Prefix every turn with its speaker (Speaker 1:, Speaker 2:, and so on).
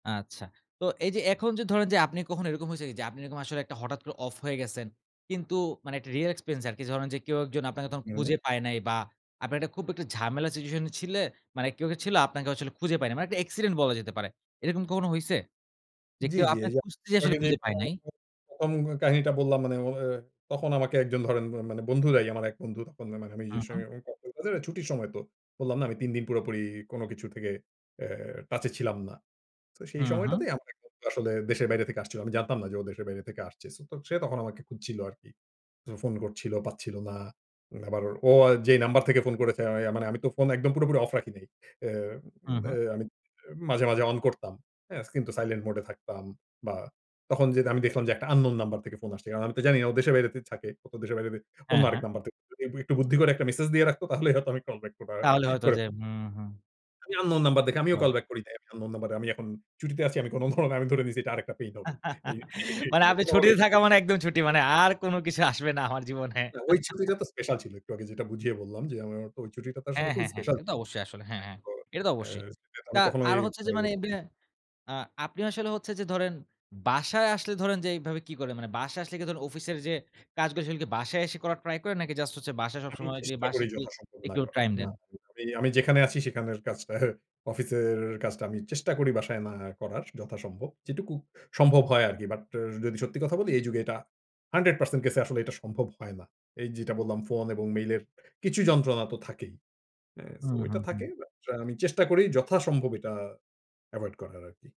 Speaker 1: আচ্ছা তো এই যে এখন যে ধরেন যে আপনি কখনো এরকম হইসে যে, যে আপনি এরকম আসলে হঠাৎ করে অফ হয়ে গেসেন। কিন্তু মানে একটা রিয়াল এক্সপেন্স আরকি ধরেন যে কেউ একজন আপনাকে তখন
Speaker 2: হুম।
Speaker 1: খুঁজে পায় নাই বা আপনার একটা খুব একটা ঝামেলা সিচুয়েশন ছিলে মানে কেউ কী ছিল আপনাকে আসলে খুঁজে পায় নাই মানে একটা অ্যাক্সিডেন্ট বলা যেতে পারে। এরকম কখনো হইসে? যে
Speaker 2: জি,
Speaker 1: কেউ
Speaker 2: জি এই
Speaker 1: আপনাকে
Speaker 2: যে
Speaker 1: খুঁজতে যেয়ে আসলে
Speaker 2: [unintelligible] দেখা যায়
Speaker 1: খুঁজে পায় নাই।
Speaker 2: প্রথম কাহিনীটা বললাম মানে ও তখন আমাকে একজন ধরেন মানে বন্ধুরাই আমার এক বন্ধু তখন
Speaker 1: হুম, হুম।
Speaker 2: [unintelligible] ছুটির সময় তো বললাম না আমি ৩ দিন পুরোপুরি কোন কিছু থেকে এ টাচে ছিলাম না। তো সেই
Speaker 1: হুম, হুম।
Speaker 2: সময়টাতেই আমার এক বন্ধু আসলে দেশের বাইরে থেকে আসছিলো আমি জানতাম না যে ও দেশের বাইরে থেকে আসছে সো তো সে তখন আমাকে খুঁজছিল আরকি ফোন করছিল পাচ্ছিল না আবার ওর ও যেই নাম্বার থেকে ফোন করেছে আ মানে আমি তো ফোন একদম পুরোপুরি অফ রাখিনি। এ
Speaker 1: হুম, হুম।
Speaker 2: এ আমি মাঝে, মাঝে অন করতাম এজ কিন্তু সাইলেন্ট মোড এ থাকতাম বা তখন যে দে আমি দেখলাম যে একটা আননোন নাম্বার থেকে ফোন আসছে। আমি তো জানি না ও দেশের বাইরে থে থাকে। ও তো দেশের বাইরে অন্য
Speaker 1: হ্যাঁ,
Speaker 2: আরেক
Speaker 1: হ্যাঁ।
Speaker 2: নাম্বার [unintelligible] একটু বুদ্ধি করে একটা মেসেজ দিয়ে রাখতো তাহলে হয়তো আমি কল ব্যাক করা
Speaker 1: তাহলে হয়তো
Speaker 2: করে
Speaker 1: যে হুম, হুম।
Speaker 2: আমি আননোন নাম্বার দেখে আমিও কল
Speaker 1: বুঝলাম।
Speaker 2: ব্যাক করি নাই। আমি আননোন নাম্বার আমি এখন ছুটিতে আছি আমি কোনো ফোন আমি তোরে দিছি এটা আরেকটা পেইন হবে। এই, এই
Speaker 1: মানে
Speaker 2: [unintelligible]
Speaker 1: আপনি
Speaker 2: হবেই।
Speaker 1: ছুটিতে থাকা মানে একদম ছুটি। মানে আর কোন কিছু আসবে না আমার জীবনে।
Speaker 2: না ওই ছুটিটা তো স্পেশাল ছিল একটু আগে যেটা বুঝিয়ে বললাম যে আমার ওই ছুটিটা তো আসলে
Speaker 1: হ্যাঁ,
Speaker 2: খুবই
Speaker 1: হ্যাঁ, হ্যাঁ
Speaker 2: স্পেশাল।
Speaker 1: এ তো অবশ্যই আসলে, হ্যাঁ
Speaker 2: হ্যাঁ
Speaker 1: হ্যাঁ
Speaker 2: তো
Speaker 1: এটা তো
Speaker 2: এ
Speaker 1: অবশ্যই।
Speaker 2: সেটা তো
Speaker 1: তা
Speaker 2: আমি কখনো
Speaker 1: আর
Speaker 2: এই
Speaker 1: হচ্ছে যে
Speaker 2: মানে।
Speaker 1: মানে ব্যা আ আপনি আসলে হচ্ছে যে ধরেন বাসায় আসলে ধরেন যে এইভাবে কি করে মানে বাসায় আসলে কিন্ত অফিসের যে কাজগুলো সেগুলো কী বাসায় এসে করার ট্রাই করেন নাকি জাস্ট হচ্ছে বাসায়
Speaker 2: আমি
Speaker 1: সবসময় যে
Speaker 2: চেষ্টা
Speaker 1: বাঁশে
Speaker 2: করি
Speaker 1: কি
Speaker 2: যথাসম্ভব না
Speaker 1: একটু
Speaker 2: করার।
Speaker 1: টাইম
Speaker 2: না
Speaker 1: দেন?
Speaker 2: [unintelligible] আমি যেখানে আছি সেখানের কাজটার অফিসের কাজটা আমি চেষ্টা করি বাসায় না করার যথাসম্ভব যেটুকু সম্ভব হয় আরকি but র যদি সত্যি কথা বলি এই যুগে এটা 100% কেসে আসলে এটা সম্ভব হয় না। এই যেটা বললাম ফোন এবং মেইলের কিছু যন্ত্রণা তো থাকেই। এ সো
Speaker 1: হুম,
Speaker 2: এটা
Speaker 1: হুম, হুম।
Speaker 2: থাকে but আ আমি চেষ্টা করি যথাসম্ভব এটা এভয়েড করার আরকি।